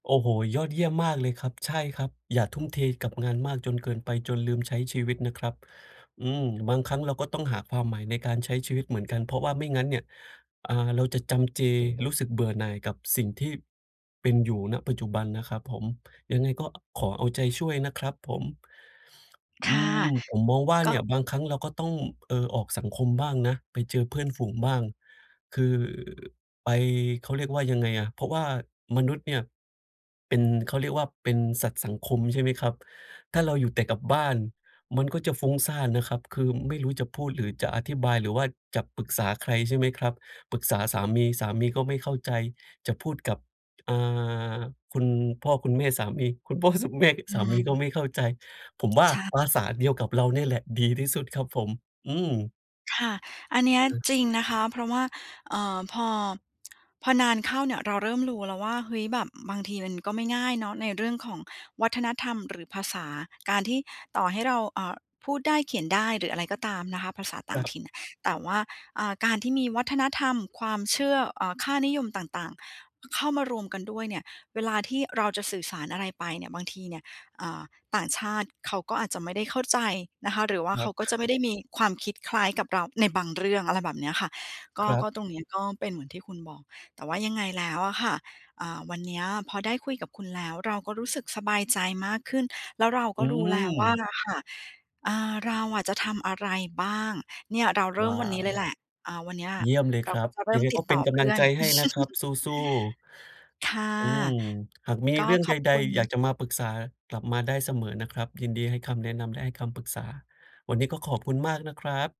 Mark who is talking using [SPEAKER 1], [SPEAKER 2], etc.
[SPEAKER 1] โอ้โฮ ยอดเยี่ยมมากเลยครับ ใช่ครับ อย่าทุ่มเทกับงานมากจนเกินไป จนลืมใช้ชีวิตนะครับ อืม บางครั้งเราก็ต้องหาความหมายในการใช้ชีวิตเหมือนกัน เพราะว่าไม่งั้นเนี่ย อา เราจะจำเจ รู้สึกเบื่อหน่ายกับสิ่งที่เป็นอยู่ ณ ปัจจุบันนะครับผม ยังไงก็ขอเอาใจช่วยนะครับผม
[SPEAKER 2] ค
[SPEAKER 1] อื
[SPEAKER 2] ่ะ
[SPEAKER 1] ม ผมมองว่า
[SPEAKER 2] ก
[SPEAKER 1] เ
[SPEAKER 2] ็
[SPEAKER 1] นี่ย บางครั้งเราก็ต้อง เอ่อ ออกสังคมบ้างนะ ไปเจอเพื่อนฝูงบ้าง คือไป เขาเรียกว่ายังไงอะ เพราะว่ามนุษย์เนี่ย เป็น เขาเรียกว่าเป็นสัตว์สังคม ใช่ไหมครับ ถ้าเราอยู่แต่กับบ้าน มันก็จะฟุ้งซ่านนะครับ คือไม่รู้จะพูด หรือจะอธิบาย หรือว่าจะปรึกษาใคร ใช่ไหมครับ ปรึกษาสามี สามีก็ไม่เข้าใจ จะพูดกับ อา คุณพ่อคุณแม่สามี คุณพ่อ ส แม่
[SPEAKER 2] อื
[SPEAKER 1] สามีก็
[SPEAKER 2] ม
[SPEAKER 1] ไม่เข้าใจ ผมว่า
[SPEAKER 2] ใช่
[SPEAKER 1] ภาษาเดียวกับเราเนี่ยแหละดีที่สุดครับผม อืม
[SPEAKER 2] ค่ะ อันเนี้
[SPEAKER 1] อ
[SPEAKER 2] ย
[SPEAKER 1] ือ
[SPEAKER 2] จริงนะคะ เพราะว่า เอ่อ พอ พอนานเข้าเนี่ย เราเริ่มรู้แล้วว่า เฮ้ย แบบบางทีมันก็ไม่ง่ายเนาะ ในเรื่องของวัฒนธรรมหรือภาษา การที่ต่อให้เรา เอ่อ พูดได้เขียนได้ หรืออะไรก็ตามนะคะ ภาษาต่
[SPEAKER 1] ค
[SPEAKER 2] า
[SPEAKER 1] ร
[SPEAKER 2] ง
[SPEAKER 1] ับ
[SPEAKER 2] ถิ่น แต่ว่า อ่า การที่มีวัฒนธรรม ความเชื่อ เอ่อ ค่านิยมต่าง ๆ ข เข้ามารวมกันด้วยเนี่ย เวลาที่เราจะสื่อสารอะไรไปเนี่ย บางทีเนี่ย อ่า ต่างชาติเขาก็อาจจะไม่ได้เข้าใจนะคะ หรือว่า
[SPEAKER 1] ค
[SPEAKER 2] เข
[SPEAKER 1] ร
[SPEAKER 2] าก็จะไ
[SPEAKER 1] ับ
[SPEAKER 2] ม่ได้มีความคิดคล้ายกับเราในบางเรื่อง อะไรแบบเนี้ยค่ะ ก็
[SPEAKER 1] ครั
[SPEAKER 2] ก
[SPEAKER 1] บ
[SPEAKER 2] ็ตรงเนี้ย ก็เป็นเหมือนที่คุณบอก แต่ว่ายังไงแล้วอะค่ะ อ่า วันเนี้ยพอได้คุยกับคุณแล้ว เราก็รู้สึกสบายใจมากขึ้น แล้วเราก
[SPEAKER 1] อื
[SPEAKER 2] ็รู้แล้วว่า
[SPEAKER 1] ม
[SPEAKER 2] อะค่ะ อ่า เราอะจะทำอะไรบ้าง เนี่ยเราเริ
[SPEAKER 1] ว
[SPEAKER 2] ่ม
[SPEAKER 1] ้า
[SPEAKER 2] วันนี้
[SPEAKER 1] ว
[SPEAKER 2] เลยแหละ อ่า วันเนี้ย
[SPEAKER 1] เยี่ยมเลย
[SPEAKER 2] เร
[SPEAKER 1] ค
[SPEAKER 2] า
[SPEAKER 1] รั
[SPEAKER 2] ก็
[SPEAKER 1] บ
[SPEAKER 2] จะเริ
[SPEAKER 1] ย
[SPEAKER 2] ่
[SPEAKER 1] ัง
[SPEAKER 2] ม
[SPEAKER 1] ไง
[SPEAKER 2] ติ
[SPEAKER 1] ก
[SPEAKER 2] ด
[SPEAKER 1] ็เ
[SPEAKER 2] ต
[SPEAKER 1] ป็
[SPEAKER 2] ่
[SPEAKER 1] น
[SPEAKER 2] อ
[SPEAKER 1] ก
[SPEAKER 2] เพ
[SPEAKER 1] ำล
[SPEAKER 2] ื
[SPEAKER 1] ั
[SPEAKER 2] ่
[SPEAKER 1] ง
[SPEAKER 2] อน
[SPEAKER 1] ใจให้นะครับ สู้ ๆ
[SPEAKER 2] ค่ะ
[SPEAKER 1] อืม หากมี
[SPEAKER 2] ก็
[SPEAKER 1] เรื่อง
[SPEAKER 2] ข
[SPEAKER 1] ใ
[SPEAKER 2] อบ
[SPEAKER 1] ด
[SPEAKER 2] คุ
[SPEAKER 1] ๆ อย
[SPEAKER 2] ณ
[SPEAKER 1] ากจะมาปรึกษา กลับมาได้เสมอนะครับ ยินดีให้คำแนะนำ และให้คำปรึกษา วันนี้ก็ขอบคุณมากนะครับ